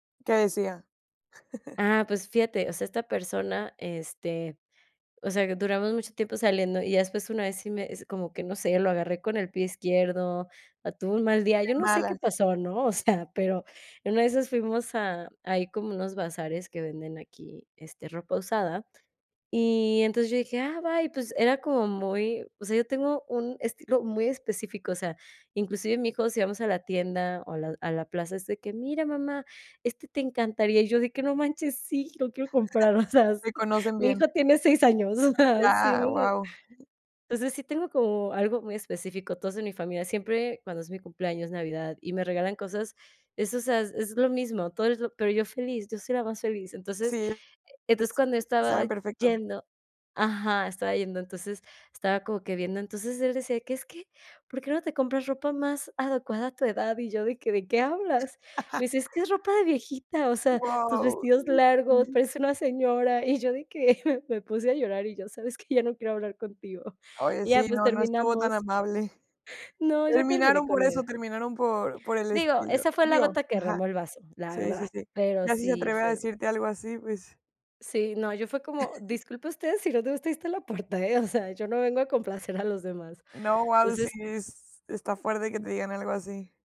¿Qué decía? Ah, pues fíjate, o sea, esta persona, este, o sea que duramos mucho tiempo saliendo. Y ya después, una vez, sí me es como que no sé, lo agarré con el pie izquierdo o tuvo un mal día, De yo no sé qué malas. pasó, ¿no? O sea, pero en una de esas fuimos a ahí como unos bazares que venden aquí, este, ropa usada. Y entonces yo dije: "Ah, bye", pues era como muy o sea, yo tengo un estilo muy específico. O sea, inclusive mi hijo, si vamos a la tienda o a la a la plaza, es de que: "Mira, mamá, este te encantaría." Y yo de que: "No manches, sí, lo quiero comprar", o sea, s Te conocen mi bien. hijo tiene 6 años, o sea, sí, me Ya, hace guau. entonces, sí tengo como algo muy específico. Todos en mi familia, siempre cuando es mi cumpleaños, navidad y me regalan cosas, es, o sea, es lo mismo, todo es lo pero yo feliz, yo soy la más feliz. Entonces Sí, e es entonces, cuando yo estaba saben perfecto. yendo ajá, estaba yendo, entonces, estaba como que viendo, entonces él decía que es que: "¿Por qué no te compras ropa más adecuada a tu edad?" Y yo de que: "¿De qué hablas?" Me dice: "Es que es ropa de viejita, o sea, tus Guau. vestidos largos, pareces una señora." Y yo de que me puse a llorar y yo: "¿Sabes qué? Ya no quiero hablar contigo." Oye, Y ya, sí, pues no no estuvo tan terminamos. amable. No, yo terminé Terminaron por con eso, él. terminaron por por el Digo, estilo. esa fue la Digo. gota que Ajá. derramó el vaso, la Sí, sí, verdad, sí. pero Ya si se sí atreve a fue. decirte algo así, pues. Sí, no, yo fue como: "Disculpe usted, si no te gusta ahí esta la puerta, ¿eh?". O sea, yo no vengo a complacer a los demás. No, guau Pues si, sis. s está fuerte que te digan algo así.